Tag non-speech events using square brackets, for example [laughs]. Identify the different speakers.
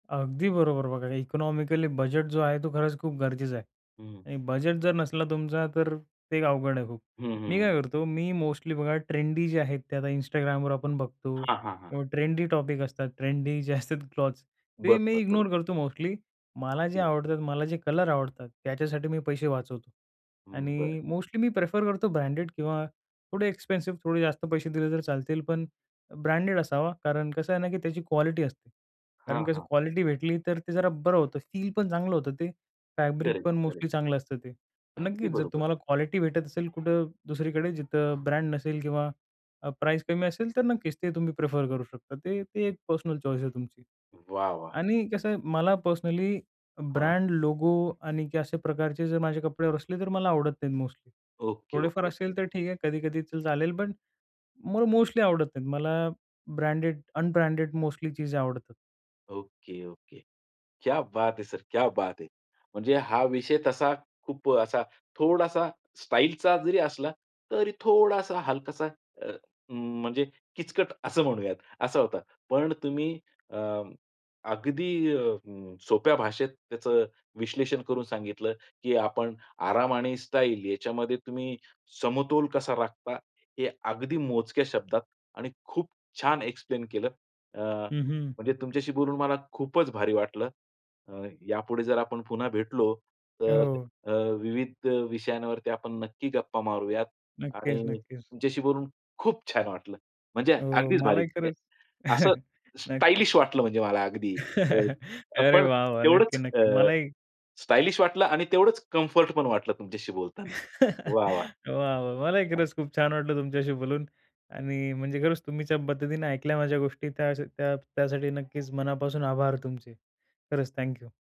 Speaker 1: अगदी बरोबर, बघा इकॉनॉमिकली बजेट जो आहे, तो खरंच खूप गरजेचं आहे
Speaker 2: हं.
Speaker 1: आणि बजेट जर नसला तुमचा तर ते अवघड आहे खूप.
Speaker 2: हं, हं,
Speaker 1: मी
Speaker 2: हं.
Speaker 1: काय करतो मी मोस्टली बघा ट्रेंडी जे आहेत ते आता Instagramवर आपण बघतो
Speaker 2: हां, हां, हां.
Speaker 1: किंवा ट्रेंडी टॉपिक असतात ट्रेंडी जे असतात क्लॉथ्स. ते मी
Speaker 2: बरोबर, बरोबर.
Speaker 1: इग्नोर करतो मोस्टली. मला जे
Speaker 2: ओके.
Speaker 1: आवडतात मला जे कलर आवडतात त्याच्यासाठी मी पैसे वाचवतो
Speaker 2: हं, बरं.
Speaker 1: आणि मोस्टली मी प्रेफर करतो ब्रँडेड किंवा थोडे एक्सपेन्सिव, थोडे जास्त पैसे दिले तर चालतील, पण ब्रँडेड असावा. कारण कसं आहे ना, की त्याची क्वालिटी असते.
Speaker 2: हां,
Speaker 1: कारण कसं
Speaker 2: हां.
Speaker 1: क्वालिटी भेटली, तर ते जरा बरं होतं. फील पण चांगलं होतं ते, फॅब्रिक
Speaker 2: करेक्ट,
Speaker 1: पण
Speaker 2: करेक्ट.
Speaker 1: मोस्टली चांगलं असतं ते. पण
Speaker 2: अगदी
Speaker 1: नक्कीच जर
Speaker 2: बरोबर.
Speaker 1: तुम्हाला क्वालिटी भेटत असेल कुठं दुसरीकडे जिथं ब्रँड नसेल किंवा अ, प्राईज कमी असेल. तर नक्कीच ते तुम्ही प्रिफर करू शकता. ते ते एक पर्सनल चॉईस आहे तुमची.
Speaker 2: वाह! वाह!
Speaker 1: आणि कसं आहे मला पर्सनली
Speaker 2: हां.
Speaker 1: ब्रँड लोगो आणि की अशा प्रकारचे जर माझे कपड्यावर असले तर मला आवडत नाहीत मोस्टली.
Speaker 2: ओके,
Speaker 1: थोडेफार
Speaker 2: ओके, ओके.
Speaker 1: असेल तर ठीक आहे कधी-कधी तर चालेल, पण मला मोस्टली आवडत नाहीत. मला ब्रँडेड अनब्रँडेड मोस्टली चीजे आवडतात.
Speaker 2: Okay, okay. क्या बात है सर, क्या बात है. म्हणजे हा विषय तसा खूप अ, असा थोडासा स्टाईलचा जरी असला, तरी थोडासा हलकासा अ, म्हणजे किचकट असं म्हणूयात. असा होता. पण तुम्ही अ, अगदी अ, सोप्या भाषेत त्याचं विश्लेषण करून सांगितलं, की आपण आराम आणि स्टाईल याच्यामध्ये तुम्ही समतोल कसा राखता. हे अगदी मोजक्या शब्दात आणि खूप छान एक्सप्लेन केलं. अ,
Speaker 1: हं, हं.
Speaker 2: म्हणजे तुमच्याशी बोलून मला खूपच भारी वाटलं. अ, यापुढे जर आपण पुन्हा भेटलो तर
Speaker 1: हो.
Speaker 2: अ, विविध विषयांवरती आपण नक्की गप्पा मारूयात
Speaker 1: नक्कीच,
Speaker 2: आणि
Speaker 1: नक्कीच.
Speaker 2: तुमच्याशी बोलून खूप छान वाटलं. म्हणजे
Speaker 1: हो,
Speaker 2: अगदीच भारी.
Speaker 1: मलाही
Speaker 2: अ,
Speaker 1: खरंच
Speaker 2: असं
Speaker 1: [chuckles] नक्की.
Speaker 2: स्टायलिश वाटलं म्हणजे मला अगदी.अ,
Speaker 1: [laughs]
Speaker 2: अ,
Speaker 1: अरे
Speaker 2: पण
Speaker 1: वाह! वाह! नक्की,
Speaker 2: तेवढंच
Speaker 1: नक्की.
Speaker 2: अ,
Speaker 1: मलाही
Speaker 2: स्टायलिश वाटलं आणि तेवढंच कम्फर्ट पण वाटलं तुमच्याशी बोलताना.
Speaker 1: [laughs]
Speaker 2: वाह! वाह!
Speaker 1: वाह! वाह! मलाही
Speaker 2: [unintelligible]
Speaker 1: खरंच खूप छान वाटलं तुमच्याशी बोलून आणि म्हणजे खरंच तुम्ही ज्या पद्धतीने ऐकल्या माझ्या गोष्टी त्या त्या त्यासाठी नक्कीच मनापासून आभार तुमचे. खरंच थँक यू.